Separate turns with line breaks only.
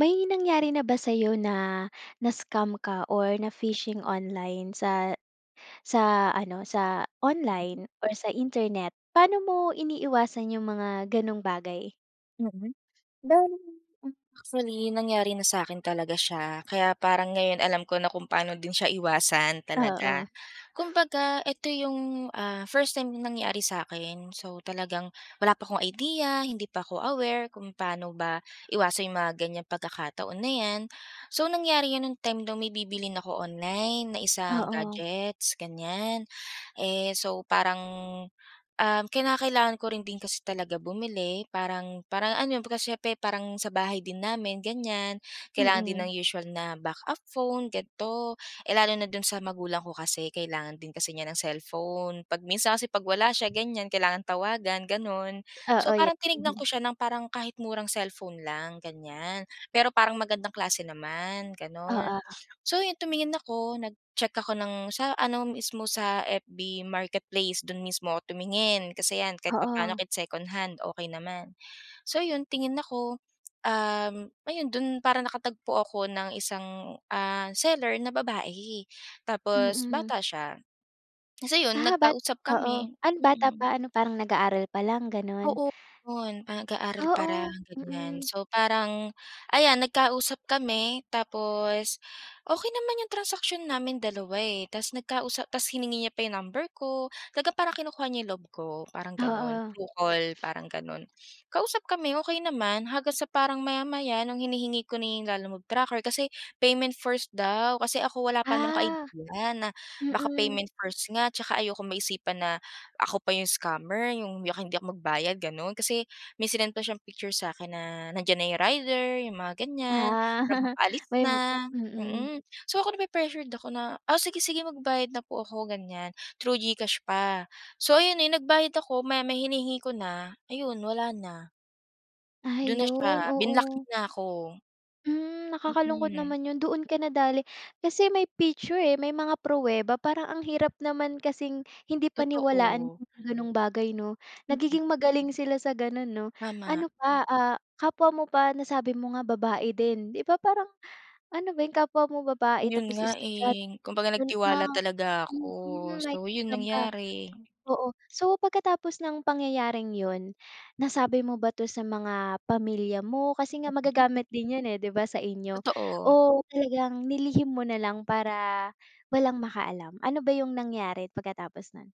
May nangyari na ba sa'yo na, na-scam ka or na fishing online sa sa ano, sa
Mm.
online or sa internet? Paano mo iniiwasan 'yung mga gano'ng bagay?
Mm. Bale m actually, nangyari na sa'kin talaga siya, kaya parang ngayon alam ko na kung paano din siya iwasan
Oo.
talaga. Kumbaga ito 'yung, ah, first time na nangyari sa'kin. So, talagang wala pa akong idea, hindi pa ko aware kung paano ba iwasan 'yung mga ganiyang pagkakataon na 'yan. So, nangyari 'yon nung time na may bibilhin ako online, na isang
Oo.
gadgets, ganiyan. Eh, so parang, ah, kinakailangan ko rin din kasi talaga bumili parang parang ano 'yon kumbaga siyempre parang sa bahay din namin, ganiyan. Kailangan din
Mm.
ng usual na back up phone ganito. Eh, lalo na do'n sa magulang ko kasi kailangan din kasi niya ng cellphone. 'Pag minsan kasi 'pag wala siya, ganiyan kailangan tawagan, gano'n.
Oo,
So,
'yan.
parang tinignan ko siya ng parang kahit murang cellphone lang, ganiyan. Pero parang magandang klase naman, gano'n.
Oo.
So, yun tumingin ako, nag-check ako ng sa ano mismo, sa FB marketplace. Do'n mismo ako tumingin, kasi 'yan kahit papaano
Oo.
kahit secondhand okey naman. So 'yon, tingin ako, um, ayun do'n parang nakatagpo ako ng isang, ah, seller na babae tapos
Mm.
bata siya. Tas ayon,
Ah, bat
nagkausap
oo,
kami,
ano bata
mm.
pa? Ano, parang nag-aaral pa lang, gano'n?
Oo, 'yon. Parang nag-aaral parang
Oo.
ganiyan,
Mm.
so parang ayan nagkausap kami tapos okey naman 'yung transaction namin dalawa, eh. Tas nagkausap tas hiningi niya pa yung number ko, talaga parang kinukuha niya loob ko, parang gano'n.
Oo.
Through call, parang gano'n. Kausap kami okey naman hanggang sa parang maya-maya nung hinihingi ko na yung lalamove tracker kasi payment first daw, kasi ako wala pa naman akong
Ah.
idea na baka
Mm.
payment first nga tsaka ayokong maisipan na ako pa 'yung scammer, 'yung baka hindi ako magbayad, gano'n. Kasi may sinend pa siyang picture sa akin na nandiyan na 'yung rider, 'yung mga ganiyan, parang
Ah.
papaalis
May
na,
mm.
mm. So, ako, napre-pressured ako na, oh, sige, sige, magbabayad na po ako, ganiyan. Through GCash pa, so, ayun, eh, nagbayad ako, maya-maya hinihingi ko na, ayun wala na. Do'n na siya,
Ayun,
binlock
oo.
niya na ako.
Hmm, nakakalungkot
Mm.
naman 'yun. Doon ka nadali, kasi may picture, eh, may mga pruweba parang ang hirap naman kasing hindi paniwalaan
Totoo.
'yung gano'ng bagay, 'no?
Mm.
Nagiging magaling sila sa gano'n, 'no.
Tama.
Ano pa? Ah, kapwa mo pa, nasabi mo nga babae din. 'Di ba parang ano ba 'yung kapwa mo babae
'Yun
tapos
nga,
estudyante.
eh. Kumbaga nagtiwala
[unintelligible]
talaga ako.
Mm,
So, 'yun
na-scam ka,
nangyari.
oo. So, pagkatapos nang pangyayaring 'yon, nasabi mo ba 'to sa mga pamilya mo? Kasi nga
Mm.
magagamit din 'yon, eh. 'Di ba sa inyo
Totoo.
o talagang nilihim mo na lang para walang makaalam? Ano ba 'yung nangyari pagkatapos no'n?